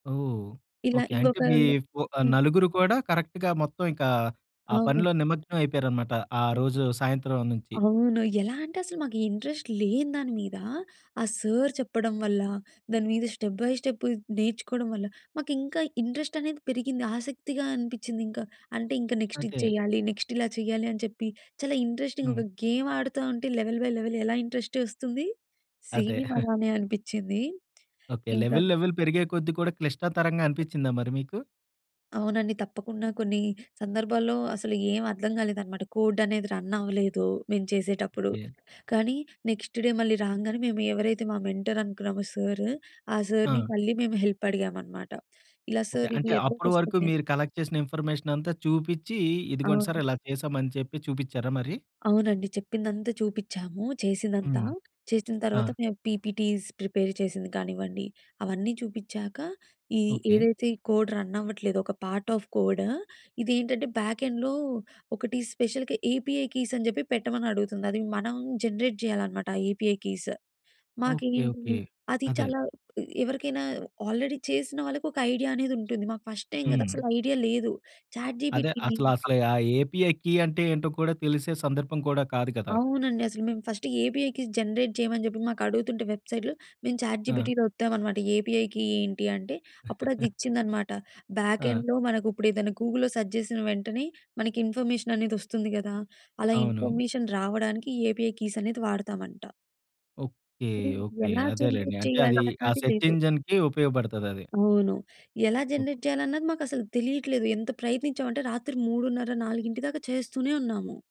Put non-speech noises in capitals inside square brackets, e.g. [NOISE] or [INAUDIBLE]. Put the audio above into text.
ఓహ్! ఇలా ఓకే. అంటే ఇంకొక మీ ఆహ్, హ్మ్. నలుగురు కూడా కరెక్ట్‌గా మొత్తం ఇంకా ఆ అవును. పనిలో నిమగ్నం అయిపోయారనమాట ఆ రోజు సాయంత్రం నుంచి. అవును. ఎలా అంటే అసలు మాకు ఇంట్రెస్ట్ లేని దాని మీద, ఆ సార్ చెప్పడం వల్ల దాని మీద స్టెప్ బై స్టెప్ నేర్చుకోవడం వల్ల, మాకు ఇంకా ఇంట్రెస్ట్ అనేది పెరిగింది ఆసక్తిగా అనిపించింది ఇంకా. అంటే ఇంకా నెక్స్ట్ ఇది అదే. చేయాలి, నెక్స్ట్ ఇలా చేయాలి అని చెప్పి. చాలా ఇంట్రెస్టింగా హ్మ్. ఒక గేమ్ ఆడుతా ఉంటే, లెవెల్ బై లెవెల్ ఎలా ఇంట్రెస్ట్ వస్తుంది. అదే. సేమ్ [CHUCKLES] అలానే అనిపించింది. ఓకే. ఇంకా లెవెల్ లెవెల్ పెరిగే కొద్ది కూడా క్లిష్టతరంగా అనిపించిందా మరి మీకు? అవునండి. తప్పకుండా కొన్ని సందర్భాల్లో అసలు ఏం అర్థం కాలేదన్నమాట. కోడ్ అనేది రన్ అవ్వలేదు మేము చేసేటప్పుడు. ఓకే. కానీ నెక్స్ట్ డే మళ్ళీ రాంగానే మేము ఎవరైతే మా మెంటర్ అనుకున్నామో సారు, ఆ సార్‌ని ఆ! మళ్ళీ మేము హెల్ప్ అడిగామన్నమాట. ఇలా ఓకే. సార్ ఇది అంటే ఎర్రర్ అప్పడు వరకు వస్తుంది అని. మీరు కలెక్ట్ చేసిన ఇన్ఫర్మేషనంత చూపించి, ఇదిగోండి సార్ అవును. ఇలా చేసామని చెప్పి చూపించారా మరి? అవునండి. చెప్పిందంతా చూపించాము చేసిందంతా. హ్మ్. చేసిన తర్వాత ఆ! మేము పీపీటీస్ ప్రిపేర్ చేసింది కానివ్వండి, అవన్నీ చూపించాక, ఈ ఓకే. ఏదైతే ఈ కోడ్ రన్ అవ్వట్లేదో, ఒక పార్ట్ ఆఫ్ కోడ్ ఇదేంటంటే బ్యాక్ ఎండ్‌లో ఒకటి స్పెషల్‌గా ఏపీఐ కీస‌ని చెప్పి పెట్టమని అడుగుతుంది. అది మనం జనరేట్ చేయాలనమాట ఏపీఐ కీస్. ఓకే. మాకేంటి ఓకే. అది అదే. చాలా ఎవరికైనా ఆల్రెడీ చేసిన వాళ్ళకి ఒక ఐడియా అనేది ఉంటుంది. మాకు ఫస్ట్ టైమ్ కదా! హ్మ్. అసలు ఐడియా లేదు. చాట్ అదే జీపీటీని అసలు అసలు ఆ ఏపీఐ కి అంటే ఏంటో కూడా తెలిసే సందర్భం కూడా కాదు కదా! అవునండి. అసలు మేము ఫస్ట్ ఏపీఐ‌‌ కీ జనరేట్ చేయమని చెప్పి మాకు అడుగుతుంటే వెబ్సైట్‌లో మేము చాట్ ఆ! జీపీటీ‌లో ఓత్తామనమాట ఏపీఐ కి ఏంటి అంటే, అప్పుడు అది [CHUCKLES] ఇచ్చిందనమాట బ్యాక్ ఆ! ఎండ్‌లో మనకు ఇప్పుడేదైనా గూగుల్‌లో సెర్చ్ చేసిన వెంటనే మనకి ఇన్ఫర్మేషన్ అనేది వస్తుంది కదా, అలా అవును. ఇన్ఫర్మేషన్ రావడానికి ఏపీఐ కీస్ అనేది వాడతామంట. ఓకే. అది ఓకే. ఎలా అదేలెండి. జనరేట్ అంటే చేయాలి అది ఆ అన్నది సెర్చ్ లేదు. ఇంజిన్‌కి ఉపయోగపడతది. అవును. ఎలా జనరేట్ చేయాలన్నది మాకు అసలు తెలియట్లేదు. ఎంత ప్రయత్నించాం అంటే రాత్రి 3:30, 4:00 దాకా చేస్తూనే ఉన్నాము.